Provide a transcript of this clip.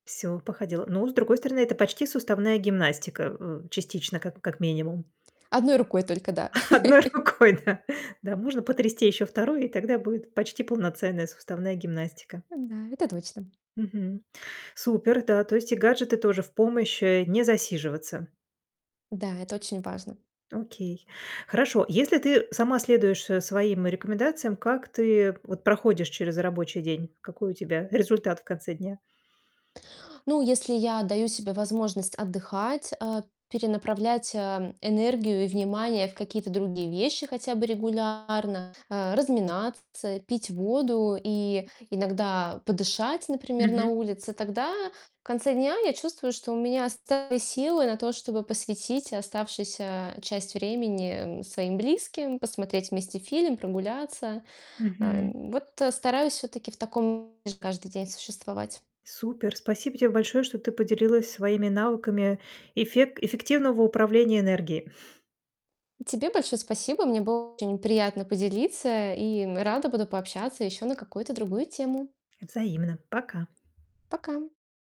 Всё, походила. Ну, с другой стороны, это почти суставная гимнастика, э, частично, как как минимум. 1 рукой только, да. 1 рукой, да. Да, можно потрясти еще 2, и тогда будет почти полноценная суставная гимнастика. Да, это точно. Мгм. Супер, да. То есть и гаджеты тоже в помощь, э- не засиживаться. Да, это очень важно. Окей. Хорошо. Если ты сама следуешь, э, своим рекомендациям, как ты вот проходишь через рабочий день? Какой у тебя результат в конце дня? Ну, если я даю себе возможность отдыхать, а, перенаправлять, а, энергию и внимание в какие-то другие вещи, хотя бы регулярно, э, разминаться, пить воду и иногда подышать, например, на Мгм. улице, тогда в конце дня я чувствую, что у меня остались силы на то, чтобы посвятить оставшуюся часть времени, м, своим близким, посмотреть вместе фильм, прогуляться. А Мгм. н вот стараюсь все-таки в таком режиме каждый день существовать. Супер! Спасибо тебе большое, что ты поделилась своими навыками эффек эффективного управления энергией. Тебе большое спасибо. Мне было очень приятно поделиться и, м, рада буду пообщаться еще на какую-то другую тему. Взаимно. Пока. Пока.